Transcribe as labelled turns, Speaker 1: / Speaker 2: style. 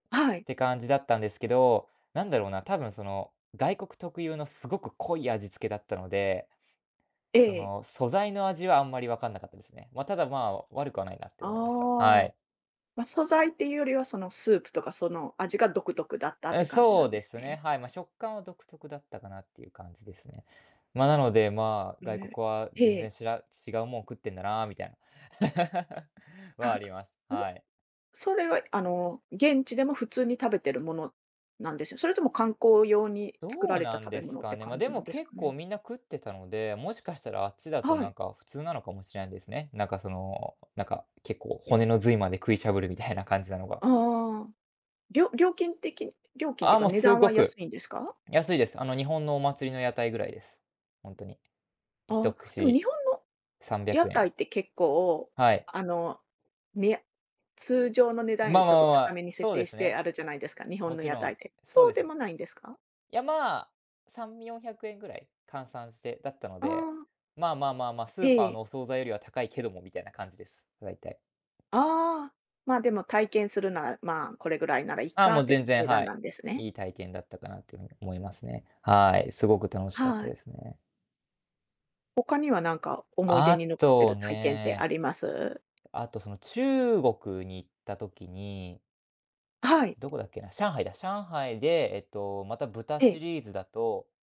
Speaker 1: はい。
Speaker 2: て感じだったんですけど。なんだろうな、多分その外国特有のすごく濃い味付けだったので、
Speaker 1: え
Speaker 2: そ
Speaker 1: え。
Speaker 2: の素材の味は、あんまりわかんなかったですね。ま、ただまあ、悪くはないなって思いました。は
Speaker 1: ああ、
Speaker 2: い。
Speaker 1: ま、素材っていうよりは、そのスープとかその味が独特だったって
Speaker 2: え、
Speaker 1: 感じな
Speaker 2: そう
Speaker 1: んで
Speaker 2: で
Speaker 1: す
Speaker 2: すね。
Speaker 1: ね。
Speaker 2: はい、まあ、食感は独特だったかなっていう感じですね。まあ、なので、まあ、外
Speaker 1: ね、
Speaker 2: 国は
Speaker 1: へ
Speaker 2: 全然
Speaker 1: え。
Speaker 2: しら違うもん食ってんだなみたいな、はあり ます。
Speaker 1: うす、
Speaker 2: はい。
Speaker 1: それはあの現地でも普通に食べてるもの、なんですよ。それとも観光用に作
Speaker 2: ど
Speaker 1: ら
Speaker 2: う
Speaker 1: れ
Speaker 2: な
Speaker 1: た
Speaker 2: ん
Speaker 1: 食
Speaker 2: で
Speaker 1: べ
Speaker 2: す
Speaker 1: 物っ
Speaker 2: か
Speaker 1: て
Speaker 2: ね。まあ、
Speaker 1: 感
Speaker 2: で
Speaker 1: じな
Speaker 2: も
Speaker 1: んです
Speaker 2: 結
Speaker 1: か
Speaker 2: 構
Speaker 1: ね。
Speaker 2: みんな食ってたので、もしかしたらあっちだと
Speaker 1: は
Speaker 2: な
Speaker 1: い。
Speaker 2: んか普通なのかもしれないですね。なんかその、なんか結構骨の髄まで食いしゃぶるみたいな感じなのが。
Speaker 1: ああああ。りょ料金的料金っ
Speaker 2: あ
Speaker 1: て
Speaker 2: あ、
Speaker 1: か
Speaker 2: もう
Speaker 1: 値
Speaker 2: す
Speaker 1: 段
Speaker 2: ご
Speaker 1: は
Speaker 2: く
Speaker 1: 安いんですか？
Speaker 2: 安いです。あの、日本のお祭りの屋台ぐらいです。本当に。ひ
Speaker 1: あ
Speaker 2: とく
Speaker 1: あ、でも
Speaker 2: し、
Speaker 1: 日本の、
Speaker 2: さんびゃ
Speaker 1: 屋
Speaker 2: くえ
Speaker 1: 台
Speaker 2: ん。
Speaker 1: って結構
Speaker 2: はい。
Speaker 1: あの、みや通常の値段よ
Speaker 2: まあ
Speaker 1: りち
Speaker 2: ま
Speaker 1: ょっ
Speaker 2: あ
Speaker 1: と
Speaker 2: ま
Speaker 1: 高
Speaker 2: あ、
Speaker 1: めに設
Speaker 2: そうで
Speaker 1: 定
Speaker 2: す
Speaker 1: して
Speaker 2: ね。
Speaker 1: あるじゃないですか、日本
Speaker 2: も
Speaker 1: の
Speaker 2: ち
Speaker 1: 屋
Speaker 2: ろ
Speaker 1: 台
Speaker 2: ん、
Speaker 1: で。
Speaker 2: そう
Speaker 1: そう
Speaker 2: で
Speaker 1: で
Speaker 2: す。
Speaker 1: もないんですか？
Speaker 2: いや、まあ、3、400円ぐらい、換算してだったの
Speaker 1: あ
Speaker 2: で。
Speaker 1: あ。
Speaker 2: まあまあまあまあス
Speaker 1: え
Speaker 2: ーパーの
Speaker 1: え。
Speaker 2: お惣菜よりは高いけどもみたいな感じです。だいたい。
Speaker 1: ああ、ま、でも体験するならまあ、これぐらいならいっ
Speaker 2: ああ
Speaker 1: か
Speaker 2: もう
Speaker 1: って
Speaker 2: 全然、
Speaker 1: 値
Speaker 2: は
Speaker 1: 段な
Speaker 2: い。
Speaker 1: んですね。
Speaker 2: いい体験だったかなという風に思いますね。はい、すごく楽しかった
Speaker 1: はい。
Speaker 2: ですね。
Speaker 1: 他にはなんか思い出
Speaker 2: あ
Speaker 1: に残ってい
Speaker 2: と
Speaker 1: る体験ってあ
Speaker 2: ね
Speaker 1: ります？
Speaker 2: あと、その中国に行った時に
Speaker 1: はい。
Speaker 2: どこだっけな、上海だ、上海で、えっとまた豚
Speaker 1: え
Speaker 2: シ
Speaker 1: え。
Speaker 2: リーズだと。